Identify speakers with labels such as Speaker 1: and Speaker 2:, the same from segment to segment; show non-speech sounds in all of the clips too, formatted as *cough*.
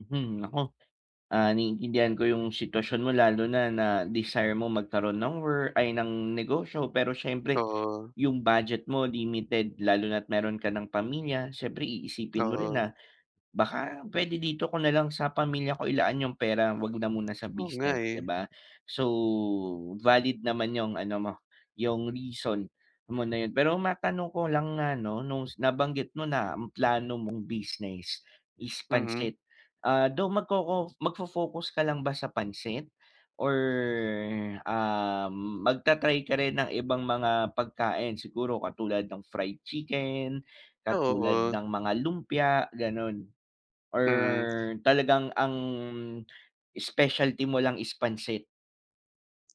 Speaker 1: Hmm nako! Ah, naiintindihan ko yung sitwasyon mo lalo na na desire mo magkaroon ng wor ay ng negosyo pero siyempre,
Speaker 2: Oo.
Speaker 1: yung budget mo limited lalo na at meron ka ng pamilya, siyempre iisipin mo rin
Speaker 2: Oo.
Speaker 1: na, baka pwede dito ko na lang sa pamilya ko ilaan yung pera huwag na muna sa
Speaker 2: Oo nga
Speaker 1: business 'di
Speaker 2: eh.
Speaker 1: ba? So, valid naman yung ano mo, yung reason mo na yun, pero matanong ko lang na ano nung nabanggit mo na ang plano mong business is
Speaker 2: Mm.
Speaker 1: pansit. Ah, though magkoko magfo-focus ka lang ba sa pansit? Or ah, magta-try ka rin ng ibang mga pagkain? Siguro katulad ng fried chicken,
Speaker 2: Ah,
Speaker 1: katulad
Speaker 2: oo.
Speaker 1: ng mga lumpia, ganun. Or
Speaker 2: Mm.
Speaker 1: talagang ang specialty mo lang is pansit?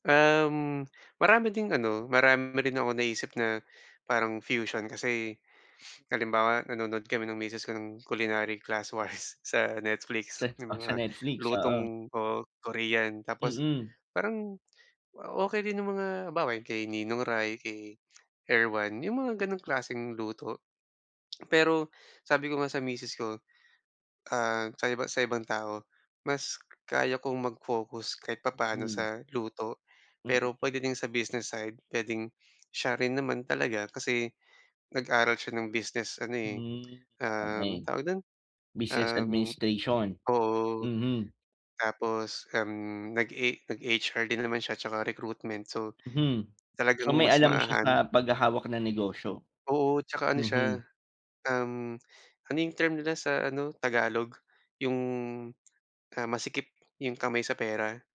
Speaker 2: Um, marami ding ano, marami rin ako na-isip na, parang fusion kasi *sniffs* halimbawa nanonood kami ng misis ko ng culinary classwise sa Netflix
Speaker 1: Sat
Speaker 2: yung
Speaker 1: ah, sa
Speaker 2: mga
Speaker 1: Netflix? Oo.
Speaker 2: lutong oo Korean tapos,
Speaker 1: Mm.
Speaker 2: parang okey din yung mga halimbawa kay Ninong Ry, kay Erwan, yung mga ganong klaseng luto. *smacks lips* Pero sabi ko nga sa misis ko, ah, sa iba sa ibang tao, mas kaya kong mag-focus kahit papaono
Speaker 1: Hmm.
Speaker 2: sa luto, pero
Speaker 1: Mm.
Speaker 2: puwede din sa business side, puwedeng siya rin naman talaga kasi, nag-aral siya ng business ano eh,
Speaker 1: Hmm,.
Speaker 2: um,
Speaker 1: *unintelligible*
Speaker 2: tawag dun?
Speaker 1: Business
Speaker 2: Um
Speaker 1: administration?
Speaker 2: oo.
Speaker 1: Mhm.
Speaker 2: Tapos, um, nag e nag-HR din naman siya at saka recruitment so.
Speaker 1: Mhm.
Speaker 2: Talagang
Speaker 1: So may
Speaker 2: mas
Speaker 1: alam siya
Speaker 2: mahahan
Speaker 1: sa paghahawak ng negosyo?
Speaker 2: Oo at saka ano siya,
Speaker 1: Mhm.
Speaker 2: um, ano yung term nila sa ano tagalog? Yung, ah, masikip yung kamay sa pera?